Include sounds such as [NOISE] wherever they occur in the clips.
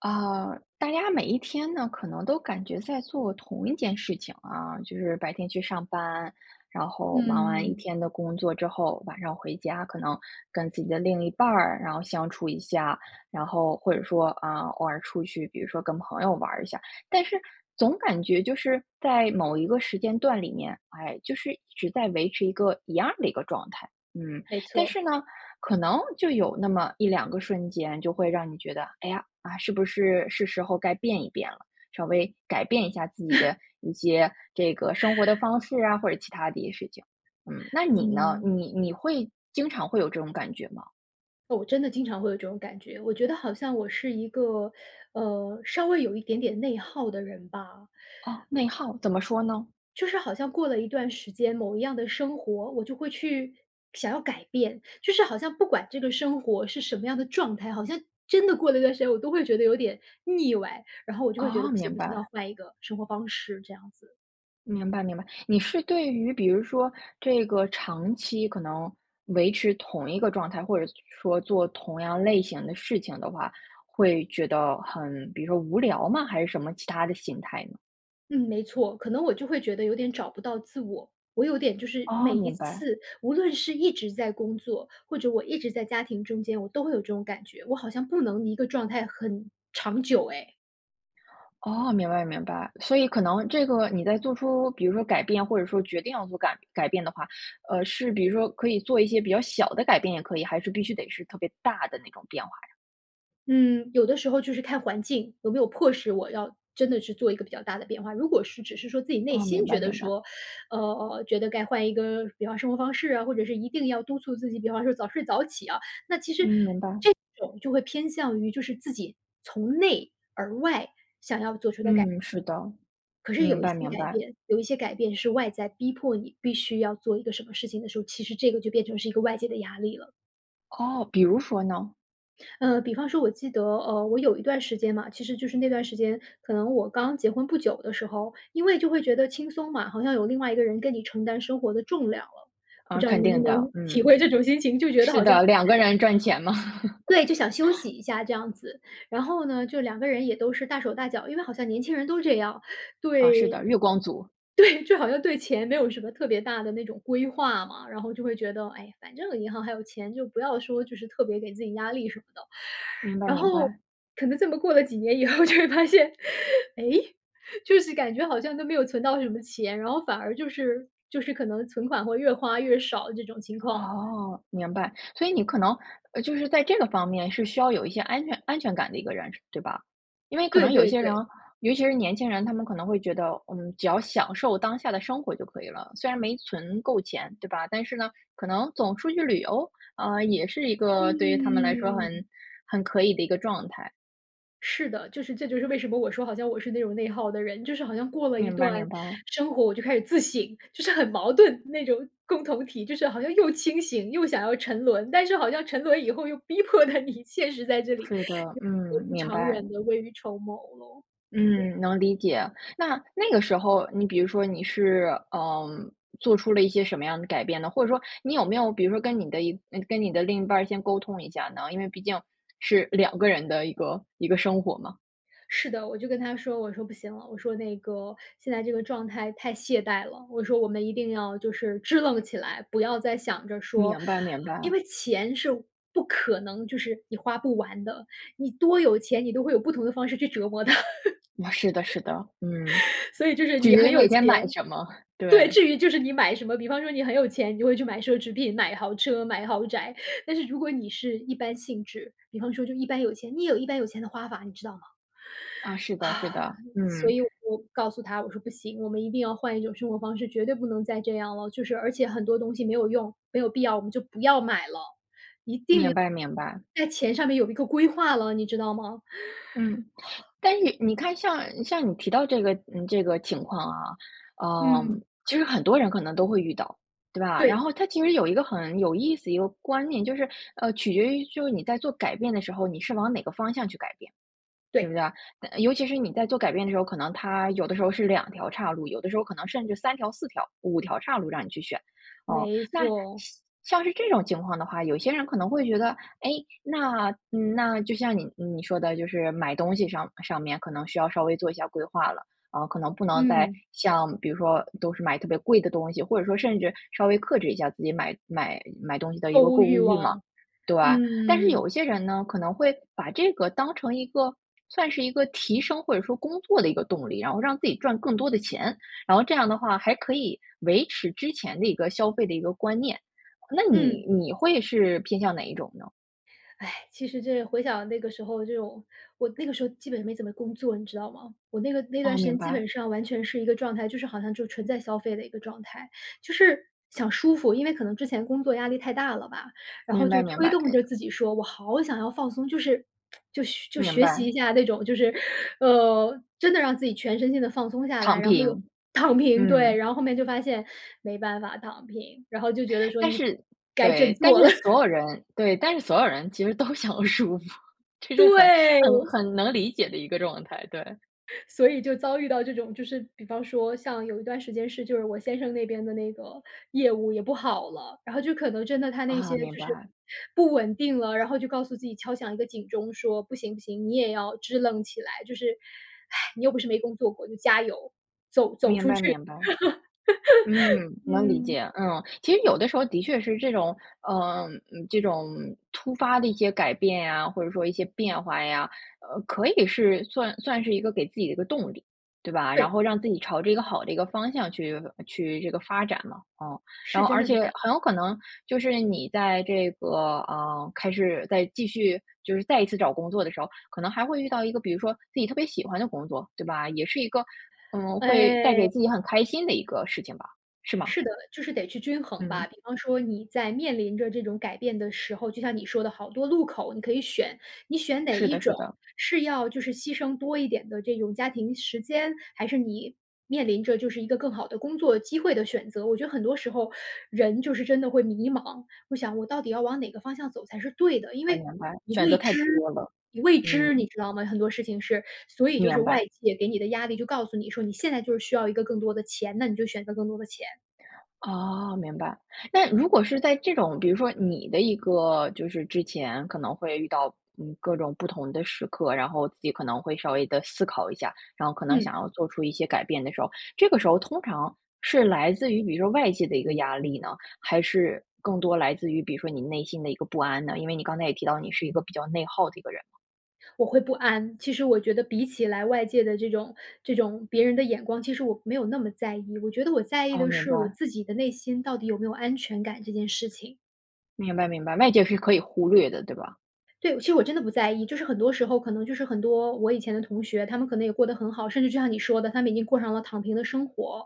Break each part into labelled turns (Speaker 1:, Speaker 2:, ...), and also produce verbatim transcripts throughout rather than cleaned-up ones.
Speaker 1: 呃，大家每一天呢，可能都感觉在做同一件事情，啊，就是白天去上班，然后忙完一
Speaker 2: 嗯。
Speaker 1: 天的工作之后晚上回家，可能跟自己的另一半儿，然后相处一下。然后或者说，啊，偶尔出去，比如说跟朋友玩儿一下。但是总感觉就是在某一个时间段里面，哎，就是只在维持一个一样儿的一个状态，嗯。
Speaker 2: 没
Speaker 1: 但
Speaker 2: 错。
Speaker 1: 是呢，可能就有那么一两个瞬间，就会让你觉得，哎呀，啊，是不是是时候该变一变了。稍微改变一下自己的
Speaker 2: [CHUCKLES]
Speaker 1: 一些，这个生活的
Speaker 2: [CHUCKLES]
Speaker 1: 方式啊，或者其他的一些事情，嗯。那你呢？
Speaker 2: 嗯。
Speaker 1: 你你会经常会有这种感觉吗？
Speaker 2: 哦，真的经常会有这种感觉，我觉得好像我是一个，呃，稍微有一点点内耗的人吧。
Speaker 1: 哦，内耗，怎么说呢？
Speaker 2: 就是好像过了一段时间、某一样的生活，我就会去想要改变。就是好像不管这个生活是什么样的状态，好像真的过了一段时间，我都会觉得有点，腻歪。然后我就会觉得
Speaker 1: 哦，
Speaker 2: 不行，
Speaker 1: 明
Speaker 2: 不行，要
Speaker 1: 白。
Speaker 2: 换一个生活方式，这样子。
Speaker 1: 明白，明白。你是对于比如说这个长期可能维持同一个状态，或者说做同样类型的事情的话，会觉得很比如说无聊吗？还是什么其他的心态呢？
Speaker 2: 嗯，没错。可能我就会觉得有点找不到自我。我有点就是，
Speaker 1: 哦，
Speaker 2: 每一
Speaker 1: 明白。
Speaker 2: 次无论是一直在工作，或者我一直在家庭中间，我都会有这种感觉，我好像不能一个状态很长久诶。
Speaker 1: 哦，明白，明白。所以可能这个你在做出比如说改变或者说决定要做改改变的话，呃，是比如说可以做一些比较小的改变也可以，还是必须得是特别大的那种变化呀？
Speaker 2: 嗯，有的时候就是看环境，有没有迫使我要真的去做一个比较大的变化。如果是只是说自己内
Speaker 1: 哦，
Speaker 2: 心
Speaker 1: 明白，
Speaker 2: 觉得
Speaker 1: 明白。
Speaker 2: 说，呃，觉得该换一个，比方生活方式啊，或者是一定要督促自己，比方说早睡早起啊，那其
Speaker 1: 嗯，
Speaker 2: 实
Speaker 1: 明白。
Speaker 2: 这种就会偏向于就是自己从内而外想要做出的改变。
Speaker 1: 嗯，是的，
Speaker 2: 可是
Speaker 1: 明
Speaker 2: 有一
Speaker 1: 白，
Speaker 2: 些
Speaker 1: 明
Speaker 2: 改
Speaker 1: 白。
Speaker 2: 变有一些改变是外在逼迫你必须要做一个什么事情的时候，其实这个就变成是一个外界的压力了。
Speaker 1: 哦，比如说呢？
Speaker 2: 呃，比方说我记得，呃，我有一段时间嘛，其实就是那段时间，可能我刚结婚不久的时候，因为就会觉得轻松嘛，好像有另外一个人跟你承担生活的重量了。不
Speaker 1: 啊，
Speaker 2: 知道你
Speaker 1: 肯
Speaker 2: 能不
Speaker 1: 定的，
Speaker 2: 能体
Speaker 1: 嗯。
Speaker 2: 会这种心情，就觉得
Speaker 1: 是
Speaker 2: 好像
Speaker 1: 的，两个人赚钱嘛。
Speaker 2: 对，就想休
Speaker 1: [CHUCKLES]
Speaker 2: 息一下这样子。然后呢，就两个人也都是大手大脚，因为好像年轻人都是这样。
Speaker 1: 啊，是
Speaker 2: 对，
Speaker 1: 的，月光族。
Speaker 2: 对，就好像对钱没有什么特别大的那种规划嘛。然后就会觉得，哎，反正银行还有钱，就不要说就是特别给自己压力什么的。[INHALES]
Speaker 1: 明白，
Speaker 2: 然
Speaker 1: 明
Speaker 2: 后
Speaker 1: 白。
Speaker 2: 可能这么过了几年以后就会发现，哎，就是感觉好像都没有存到什么钱，然后反而就是就是可能存款会越花越少这种情况。
Speaker 1: 哦，明白。所以你可能，呃，就是在这个方面是需要有一些安全安全感的一个人，是对吧？因为可能
Speaker 2: 对，
Speaker 1: 有一
Speaker 2: 对，
Speaker 1: 些人，
Speaker 2: 对。
Speaker 1: 尤其是年轻人，他们可能会觉得：嗯，只要享受当下的生活就可以了，虽然没存够钱对吧？但是呢，可能总出去旅游，啊，也是一个对于他们来说
Speaker 2: 嗯。
Speaker 1: 很很可以的一个状态。
Speaker 2: 是的，就是这就是为什么我说好像我是那种内耗的人，就是好像过了一
Speaker 1: 明白，
Speaker 2: 段
Speaker 1: 明白。
Speaker 2: 生活我就开始自省，就是很矛盾，那种共同体，就是好像又清醒，又想要沉沦，但是好像沉沦以后又逼迫得你现实在这里，
Speaker 1: 是的，
Speaker 2: [UNINTELLIGIBLE]
Speaker 1: 嗯，明
Speaker 2: 长
Speaker 1: 白。
Speaker 2: 远的未雨绸缪喽。对。
Speaker 1: 嗯，能理解。那，那个时候，你比如说你是，呃，做出了一些什么样的改变呢？或者说你有没有比如说跟你的一那个跟你的另一半儿先沟通一下呢？因为毕竟是两个人的一个一个生活嘛。
Speaker 2: 是的，我就跟他说，我说：“不行了”，我说：“那个，现在这个状态太懈怠了”，我说：“我们一定要就是支棱起来。不要再想着说
Speaker 1: 明白，明
Speaker 2: 因
Speaker 1: 白。
Speaker 2: 为钱是不可能就是你花不完的，你多有钱你都会有不同的方式去折磨它。”
Speaker 1: 那是的，是的。嗯。
Speaker 2: [CHUCKLES] [INHALES] 所以就是
Speaker 1: 取
Speaker 2: 你
Speaker 1: 决
Speaker 2: 很
Speaker 1: 于
Speaker 2: 有
Speaker 1: 每天买
Speaker 2: 钱。
Speaker 1: 什么，
Speaker 2: 对，
Speaker 1: 对。
Speaker 2: 至于就是你买什么，比方说你很有钱，你会去买奢侈品、买豪车、买豪宅。[INHALES] 但是如果你是一般性质，比方说就一般有钱，你也有一般有钱的花法，你知道吗？
Speaker 1: 啊，是的，是的，
Speaker 2: [BREATH] 所
Speaker 1: 嗯。
Speaker 2: 以我就告诉他，我说：“不行，我们一定要换一种生活方式，绝对不能再这样了。就是而且很多东西没有用，没有必要，我们就不要买了。一定
Speaker 1: 明
Speaker 2: 要
Speaker 1: 白，明白。
Speaker 2: 在钱上面有一个规划了，你知道吗？“
Speaker 1: 嗯。
Speaker 2: [BREATH]
Speaker 1: 但意你看像，像你提到这个嗯，这个情况啊，呃，
Speaker 2: 嗯。
Speaker 1: 其实很多人可能都会遇到，对吧？然
Speaker 2: 对。
Speaker 1: 后它其实有一个很有意思一个观念，就是，呃，取决于就你在做改变的时候你是往哪个方向去改变，对不
Speaker 2: 对。
Speaker 1: 对啊？嗯，尤其是你在做改变的时候，可能它有的时候是两条叉路，有的时候可能甚至三条、四条，五条叉路让你去选。哦，
Speaker 2: 没
Speaker 1: 那像
Speaker 2: 错。
Speaker 1: 像是这种情况的话，有些人可能会觉得，诶，那，嗯，那就像你你说的就是买东西上上面可能需要稍微做一下规划了，啊，可能不能再
Speaker 2: 嗯。
Speaker 1: 像比如说都是买特别贵的东西，或者说甚至稍微克制一下自己买买买东西的一
Speaker 2: 购
Speaker 1: 个
Speaker 2: 物
Speaker 1: 购
Speaker 2: 欲
Speaker 1: 物欲嘛，
Speaker 2: 望。
Speaker 1: 对。但是有
Speaker 2: 嗯。
Speaker 1: 一些人呢，可能会把这个当成一个算是一个提升或者说工作的一个动力，然后让自己赚更多的钱，然后这样的话还可以维持之前的一个消费的一个观念。那
Speaker 2: 嗯。
Speaker 1: 你你会是偏向哪一种呢？
Speaker 2: 哎。其实这回想那个时候这种我那个时候基本没怎么工作，你知道吗？我那个那段
Speaker 1: 哦，
Speaker 2: 时间
Speaker 1: 明
Speaker 2: 基
Speaker 1: 白。
Speaker 2: 本上完全是一个状态，就是好像就纯在消费的一个状态。就是想舒服，因为可能之前工作压力太大了吧，然后
Speaker 1: 明白，
Speaker 2: 就
Speaker 1: 明
Speaker 2: 推
Speaker 1: 白，
Speaker 2: 动着
Speaker 1: 呃
Speaker 2: 自己说我好想要放松，就是 [TSK] 就学就
Speaker 1: 明
Speaker 2: 学习一
Speaker 1: 白。
Speaker 2: 下那种，就是 [INHALES] 呃，真的让自己全身心地放松下来，
Speaker 1: 躺
Speaker 2: 然后又
Speaker 1: 平，
Speaker 2: 躺平，对。
Speaker 1: 嗯。
Speaker 2: 然后后面就发现没办法躺平。然后就觉得说：
Speaker 1: 但
Speaker 2: “你
Speaker 1: 是
Speaker 2: 该振
Speaker 1: 对，但
Speaker 2: 作了。”
Speaker 1: 是
Speaker 2: [CHUCKLES]
Speaker 1: 所有人对，但是所有人其实都想舒服，这是很，很
Speaker 2: 对！
Speaker 1: 很能理解的一个状态，对。
Speaker 2: [CHUCKLES] 所以就遭遇到这种，就是比方说像有一段时间是就是我先生那边的那个业务也不好了，然后就可能真的他那些
Speaker 1: 啊，明
Speaker 2: 就是
Speaker 1: 白。
Speaker 2: 不稳定了，然后就告诉自己敲响一个警钟，说：“不行，不行，你也要支棱起来，就是，[SIGHS] 你又不是没工作过，就加油，走－走
Speaker 1: 明
Speaker 2: 出
Speaker 1: 白，
Speaker 2: 去。
Speaker 1: 明白。嗯，
Speaker 2: [LAUGHS]
Speaker 1: 能理
Speaker 2: “嗯。
Speaker 1: 解，嗯。其实有的时候的确是这种嗯，嗯，这种突发的一些改变呀，或者说一些变化呀呃，可以是算算是一个给自己的一个动力，对吧？然
Speaker 2: 对。
Speaker 1: 后让自己朝着一个好的一个方向去发去这个，发展嘛。嗯。
Speaker 2: 是，
Speaker 1: 然后
Speaker 2: 真
Speaker 1: 而
Speaker 2: 的是
Speaker 1: 且
Speaker 2: 这样。
Speaker 1: 很有可能就是你在这个，呃，开始在继续，就是再一次找工作的时候，可能还会遇到一个比如说自己特别喜欢的工作，对吧？也是一个嗯，会带给
Speaker 2: 哎。
Speaker 1: 自己很开心的一个事情吧，是吗？
Speaker 2: 是的，就是得去均衡吧。
Speaker 1: 嗯。
Speaker 2: 比方说你在面临着这种改变的时候，就像你说的好多路口，你可以选。你选哪
Speaker 1: 是
Speaker 2: 一
Speaker 1: 的，
Speaker 2: 种？
Speaker 1: 是的。
Speaker 2: 是要就是牺牲多一点的这种家庭时间，还是你面临着就是一个更好的工作机会的选择？我觉得很多时候 [INHALES] 人就是真的会迷茫，我想我到底要往哪个方向走才是对的，因
Speaker 1: 哎
Speaker 2: 为
Speaker 1: 呀，来
Speaker 2: 你
Speaker 1: 选
Speaker 2: 未
Speaker 1: 择太
Speaker 2: 知，
Speaker 1: 多了，
Speaker 2: 你未知，
Speaker 1: 嗯。
Speaker 2: 你知道吗？很多事情是。所以就是
Speaker 1: 明白。
Speaker 2: 外界给你的压力就告诉你说你现在就是需要一个更多的钱，那你就选择更多的钱。
Speaker 1: 哦，明白。那如果是在这种，比如说你的一个，就是之前，可能会遇到，嗯，各种不同的时刻，然后自己可能会稍微地思考一下，然后可能
Speaker 2: 嗯。
Speaker 1: 想要做出一些改变的时候，这个时候通常是来自于比如说外界的一个压力呢？还是更多来自于，比如说你内心的一个不安呢？因为你刚才也提到你是一个比较内耗的一个人。
Speaker 2: 我会不安，其实我觉得比起来外界的这种这种别人的眼光，其实我没有那么在意。我觉得我在意
Speaker 1: 哦，
Speaker 2: 的
Speaker 1: 明
Speaker 2: 是我
Speaker 1: 白。
Speaker 2: 自己的内心到底有没有安全感这件事情。
Speaker 1: 明白，明白，外界是可以忽略的，对吧？
Speaker 2: 对，其实我真的不在意。就是很多时候，可能就是很多我以前的同学，他们可能也过得很好，甚至就像你说的，他们已经过上了躺平的生活。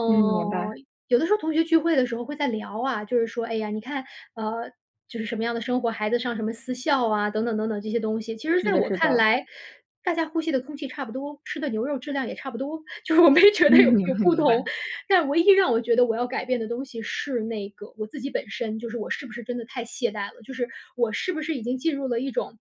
Speaker 1: 嗯，明白。
Speaker 2: 有的时候同学聚会的时候会在聊啊，就是说-哎呀，你看，呃，就是什么样的生活，孩子上什么私校啊等等等等这些东西。其实
Speaker 1: 是
Speaker 2: 在
Speaker 1: 的，
Speaker 2: 我
Speaker 1: 是
Speaker 2: 看
Speaker 1: 的。
Speaker 2: 来，大家呼吸的空气差不多，吃的牛肉质量也差不多，就是我没觉得有
Speaker 1: 嗯，明
Speaker 2: 有
Speaker 1: 白，
Speaker 2: 不
Speaker 1: 明
Speaker 2: 同。
Speaker 1: 白。
Speaker 2: 但唯一让我觉得我要改变的东西是那个我自己本身，就是我是不是真的太懈怠了，就是我是不是已经进入了一种-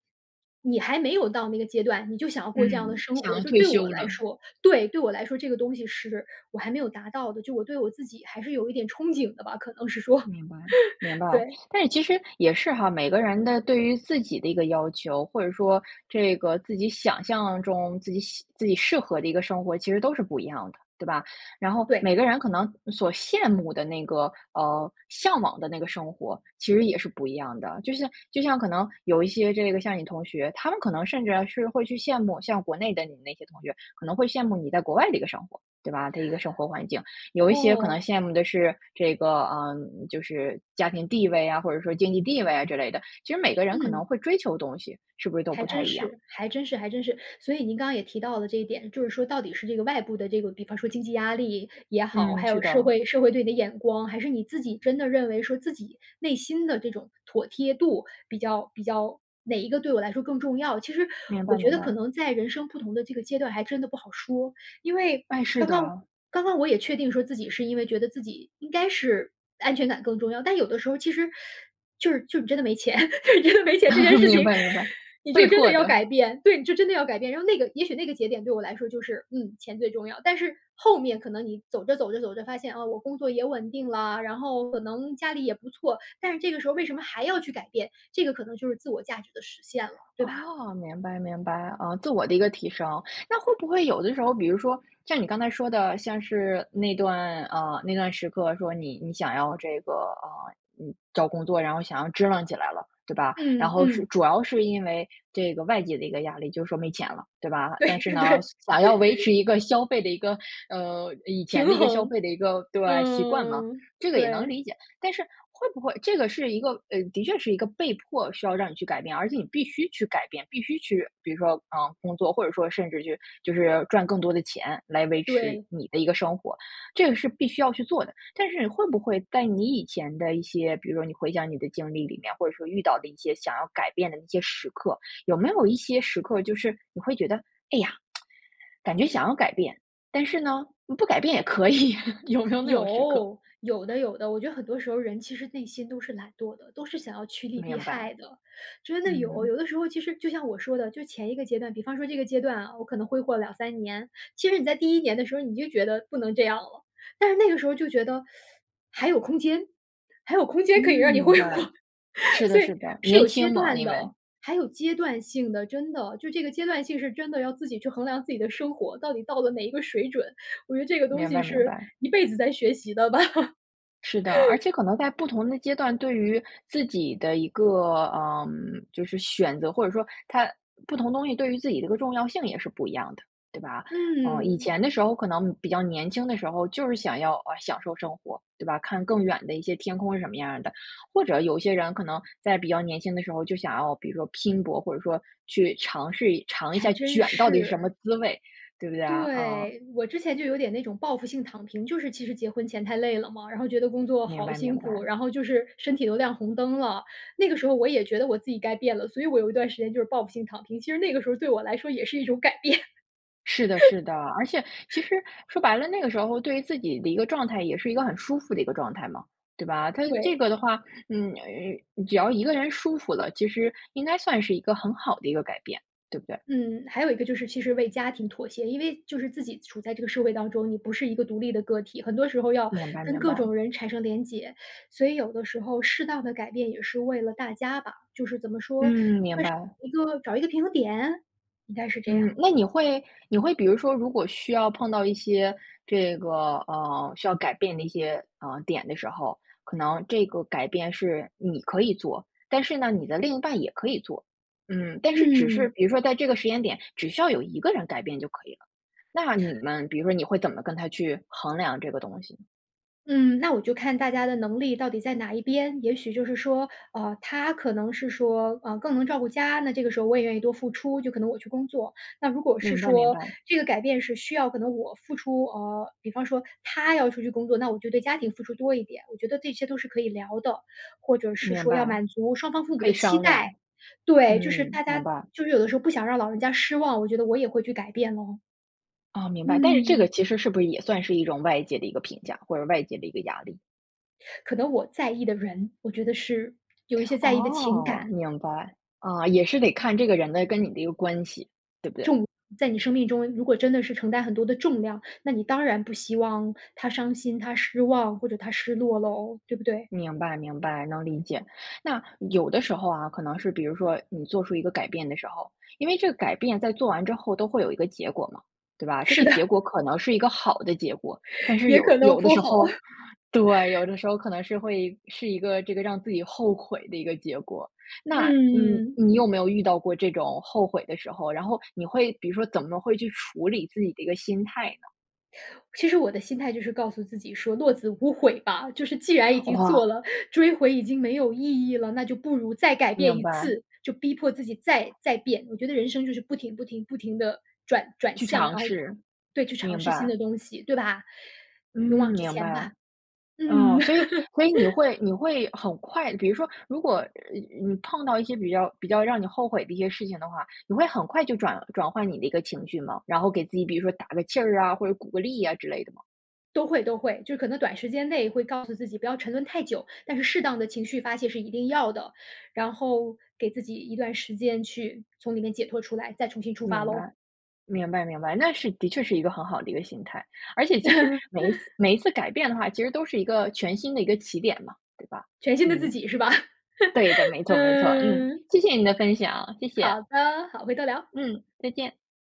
Speaker 2: 你还没有到那个阶段，你就想要过这样的
Speaker 1: 嗯，
Speaker 2: 生
Speaker 1: 想
Speaker 2: 活。
Speaker 1: 要
Speaker 2: 就
Speaker 1: 退
Speaker 2: 对我
Speaker 1: 休
Speaker 2: 来
Speaker 1: 了。
Speaker 2: 说对，对我来说，这个东西是我还没有达到的，就我对我自己还是有一点憧憬的吧，可能是说，
Speaker 1: 明白，明
Speaker 2: [LAUGHS]
Speaker 1: 白。
Speaker 2: 对。
Speaker 1: [SUCKS TEETH] 但是其实也是哈，每个人的对于自己的一个要求，或者说这个自己想象中自己喜自己适合的一个生活，其实都是不一样的，对吧？然后，
Speaker 2: 对。
Speaker 1: 每个人可能所羡慕的那个，呃，向往的那个生活其实也是不一样的，就像就像可能有一些这个像你同学，他们可能甚至是会去羡慕像国内的你那些同学，可能会羡慕你在国外的一个生活，对吧？的一个生活环境；有一些可能
Speaker 2: 哦。
Speaker 1: 羡慕的是这个，呃，就是，家庭地位啊，或者说经济地位啊之类的，其实每个人可
Speaker 2: 嗯。
Speaker 1: 能会追求东西是不是都
Speaker 2: 还
Speaker 1: 不太
Speaker 2: 真
Speaker 1: 一样。
Speaker 2: 是，还真是，还真是。所以您刚刚也提到了这一点，就是说到底是这个外部的这个比方说经济压力也好，
Speaker 1: 嗯，
Speaker 2: 还
Speaker 1: 是
Speaker 2: 有社
Speaker 1: 的。
Speaker 2: 会社会对你的眼光，还是你自己真的认为说自己内心的这种妥贴度比较比较哪一个对我来说更重要。其实
Speaker 1: 明白，
Speaker 2: 我觉
Speaker 1: 明
Speaker 2: 得可
Speaker 1: 白。
Speaker 2: 能在人生不同的这个阶段还真的不好说。因为
Speaker 1: 哎，是
Speaker 2: 刚刚
Speaker 1: 的。
Speaker 2: 刚刚我也确定说自己是因为觉得自己应该是安全感更重要，但有的时候其实 [SUCKS TEETH] 就是就你真的没钱，[LAUGHS] 你真的没钱这件
Speaker 1: [LAUGHS]
Speaker 2: 事情，
Speaker 1: 明白，明白，
Speaker 2: 你就
Speaker 1: 被
Speaker 2: 真的
Speaker 1: 迫
Speaker 2: 要
Speaker 1: 的。
Speaker 2: 改变，对，你就真的要改变。然后那个也许那个节点对我来说就是：“嗯，钱最重要。”但是后面可能你走着，走着，走着，发现，啊，我工作也稳定了，然后可能家里也不错，但是这个时候为什么还要去改变，这个可能就是自我价值的实现了，对吧？
Speaker 1: 哦，明白，明白，啊，自我的一个提升。那会不会有的时候比如说像你刚才说的像是那段，呃，那段时刻说你你想要这个，啊，嗯，找工作，然后想要支棱起来了，对吧？然
Speaker 2: 嗯，
Speaker 1: 后是
Speaker 2: 嗯。
Speaker 1: 主要是因为这个外界的一个压力，就是说没钱了，对吧？但
Speaker 2: 对，
Speaker 1: 是呢，
Speaker 2: 对。
Speaker 1: 想想要维
Speaker 2: [LAUGHS]
Speaker 1: 持一个消费的一个，呃，以
Speaker 2: 平
Speaker 1: 前的一个消
Speaker 2: 衡，
Speaker 1: 费的一个对，习惯嘛，
Speaker 2: 嗯，
Speaker 1: 这个也能
Speaker 2: 对。
Speaker 1: 理解。但是会不会这个是一个，呃的确是一个被迫需要让你去改变，而且你必须去改变，必须去比如说，呃，工作，或者说甚至去就是赚更多的钱来维持
Speaker 2: 对。
Speaker 1: 你的一个生活，这个是必须要去做的。但是你会不会在你以前的一些比如说你回想你的经历里面，或者说遇到的一些想要改变的一些时刻，有没有一些时刻就是你会觉得，哎呀，，[SMACKS LIPS] 感觉想要改变，但是呢，你不改变也可以，[LAUGHS] 有没有那种时刻？
Speaker 2: 有，有的，有的，我觉得很多时候人其实内心都是懒惰的，都是想要趋利避
Speaker 1: 明
Speaker 2: 害
Speaker 1: 白，
Speaker 2: 的。真的有，
Speaker 1: 嗯。
Speaker 2: 有的时候其实就像我说的，就前一个阶段比方说这个阶段啊，我可能挥霍两三年，其实你在第一年的时候，你就觉得不能这样了，但是那个时候就觉得 [SUCKS TEETH] 还有空间，还有空
Speaker 1: 嗯，
Speaker 2: 间可以让你
Speaker 1: 明
Speaker 2: 挥
Speaker 1: 白，
Speaker 2: 霍。
Speaker 1: 是
Speaker 2: [LAUGHS] 所
Speaker 1: 的，
Speaker 2: 以
Speaker 1: 是的，
Speaker 2: 是
Speaker 1: 年
Speaker 2: 有阶
Speaker 1: 轻嘛，
Speaker 2: 段
Speaker 1: 因
Speaker 2: 的，
Speaker 1: 为。
Speaker 2: 还有阶段性的，真的。就这个阶段性是真的要自己去衡量自己的生活，到底到了哪一个水准，我觉得这个东
Speaker 1: 明
Speaker 2: 西
Speaker 1: 白，明
Speaker 2: 是
Speaker 1: 白。
Speaker 2: 一辈子在学习的吧。
Speaker 1: 是的，而
Speaker 2: [LAUGHS]
Speaker 1: 且可能在不同的阶段，对于自己的一个，呃，就是选择，或者说它不同东西对于自己的个重要性也是不一样的，对吧？呃，以
Speaker 2: 嗯。
Speaker 1: 前的时候可能比较年轻的时候，就是想要，呃，享受生活，对吧，看更远的一些天空是什么样儿的。或者有一些人可能在比较年轻的时候就想要，比如说拼搏，或者说去尝试一尝一
Speaker 2: 还
Speaker 1: 下
Speaker 2: 真
Speaker 1: 卷到底是什么
Speaker 2: 是。
Speaker 1: 滋味，对不对啊？嗯。
Speaker 2: 对，我之前就有点那种报复性躺平，就是其实结婚前太累了嘛，然后觉得工作
Speaker 1: 明
Speaker 2: 好
Speaker 1: 白，
Speaker 2: 辛
Speaker 1: 明
Speaker 2: 苦，
Speaker 1: 白。
Speaker 2: 然后就是身体都亮红灯了。那个时候我也觉得我自己该变了，所以我有一段时间就是报复性躺平，其实那个时候对我来说也是一种改变。
Speaker 1: 是的，是的。而且其
Speaker 2: [LAUGHS]
Speaker 1: 实说白了，那个时候对于自己的一个状态也是一个很舒服的一个状态嘛，对吧？它这
Speaker 2: 对。
Speaker 1: 个的话，嗯，呃只要一个人舒服了，其实应该算是一个很好的一个改变，对不对？
Speaker 2: 嗯，还有一个就是其实为家庭妥协。因为就是自己处在这个社会当中，你不是一个独立的个体，很多时候要
Speaker 1: 明白，
Speaker 2: [INHALES] 跟
Speaker 1: 明
Speaker 2: 各
Speaker 1: 白。
Speaker 2: 种人产生联结。所以有的时候适当地改变也是为了大家吧。就是怎么说-
Speaker 1: 嗯，明白。
Speaker 2: 算是找一个找一个平衡点？应该是这样。
Speaker 1: 嗯，那你会你会比如说，如果需要碰到一些这个，嗯，需要改变的一些，嗯，点的时候，可能这个改变是你可以做。但是呢，你的另一半也可以做。嗯，但是只是
Speaker 2: 嗯。
Speaker 1: 比如说在这个时间点，只需要有一个人改变就可以了。那你们比如说你会怎么跟他去衡量这个东西？
Speaker 2: 嗯，那我就看大家的能力到底在哪一边。也许就是说，呃，他可能是说，呃，更能照顾家，那这个时候我也愿意多付出，就可能我去工作。那如果是
Speaker 1: 明白，明
Speaker 2: 说
Speaker 1: 白。
Speaker 2: 这个改变是需要可能我付出呃，比方说他要出去工作，那我就对家庭付出多一点，我觉得这些都是可以聊的。或者是
Speaker 1: 明
Speaker 2: 说要
Speaker 1: 白，
Speaker 2: 满足双方父母
Speaker 1: 可以
Speaker 2: 的期
Speaker 1: 商
Speaker 2: 待，
Speaker 1: 量，
Speaker 2: 对。就是
Speaker 1: 嗯，
Speaker 2: 大
Speaker 1: 明
Speaker 2: 家
Speaker 1: 白。
Speaker 2: 就是有的时候不想让老人家失望，我觉得我也会去改变了。
Speaker 1: 哦，明白。但是这个
Speaker 2: 嗯。
Speaker 1: 其实是不是也算是一种外界的一个评价，或者是外界的一个压力。
Speaker 2: 可能我在意的人，我觉得是有一些在意的情
Speaker 1: 哦，
Speaker 2: 感。
Speaker 1: 明白。啊，也是得看这个人的跟你的一个关系，对不对？
Speaker 2: 重在你生命中，如果真的是承担很多的重量，那你当然不希望他伤心、他失望，或者他失落喽，对不对？
Speaker 1: 明白，明白，能理解。那，有的时候啊，可能是比如说你做出一个改变的时候，因为这个改变在做完之后都会有一个结果嘛，对吧？这
Speaker 2: 是
Speaker 1: 个结
Speaker 2: 的。
Speaker 1: 果可能是一个好的结果，但是
Speaker 2: 也
Speaker 1: 有
Speaker 2: 可能
Speaker 1: 有的
Speaker 2: 不
Speaker 1: 时
Speaker 2: 好。
Speaker 1: 候对，
Speaker 2: [CHUCKLES]
Speaker 1: 有的时候可能是会是一个这个让自己后悔的一个结果。那，嗯，
Speaker 2: 嗯。
Speaker 1: 你有没有遇到过这种后悔的时候，然后你会比如说怎么会去处理自己的一个心态呢？
Speaker 2: 其实我的心态就是告诉自己说落子无悔吧，就是既然已经做
Speaker 1: 哇。
Speaker 2: 了，追回已经没有意义了，那就不如再改变
Speaker 1: 明
Speaker 2: 一
Speaker 1: 白。
Speaker 2: 次，就逼迫自己再再变。我觉得人生就是不停不停不停地转转
Speaker 1: 去
Speaker 2: 向，然
Speaker 1: 尝
Speaker 2: 后
Speaker 1: 试，
Speaker 2: 对，去尝
Speaker 1: 明
Speaker 2: 试新
Speaker 1: 白。
Speaker 2: 的东西，对吧？
Speaker 1: 嗯，
Speaker 2: 勇往直
Speaker 1: 明
Speaker 2: 前吧，
Speaker 1: 白。哦，
Speaker 2: 嗯。
Speaker 1: 所以所以你
Speaker 2: [LAUGHS]
Speaker 1: 会你会很快比如说，如果，呃嗯你碰到一些比较比较让你后悔的一些事情的话，你会很快就转转换你的一个情绪吗？然后给自己，比如说打个气儿啊，或者鼓个励啊之类的吗？
Speaker 2: 都会，都会，就可能短时间内会告诉自己不要沉沦太久，但是适当的情绪发泄是一定要的，然后给自己一段时间去从里面解脱出来，再重新出发
Speaker 1: 明
Speaker 2: 喽。
Speaker 1: 白，明白，明白，那是的确是一个很好的一个心态。而且其实每一次
Speaker 2: [LAUGHS]
Speaker 1: 每一次改变的话，其实都是一个全新的一个起点嘛，对吧？
Speaker 2: 全新的自
Speaker 1: 嗯，
Speaker 2: 己是吧？
Speaker 1: 对的，没
Speaker 2: [CHUCKLES]
Speaker 1: 错，没错，嗯，
Speaker 2: 嗯。
Speaker 1: 谢谢你的分享，谢谢。
Speaker 2: 好的，好，回头聊。
Speaker 1: 嗯，再见。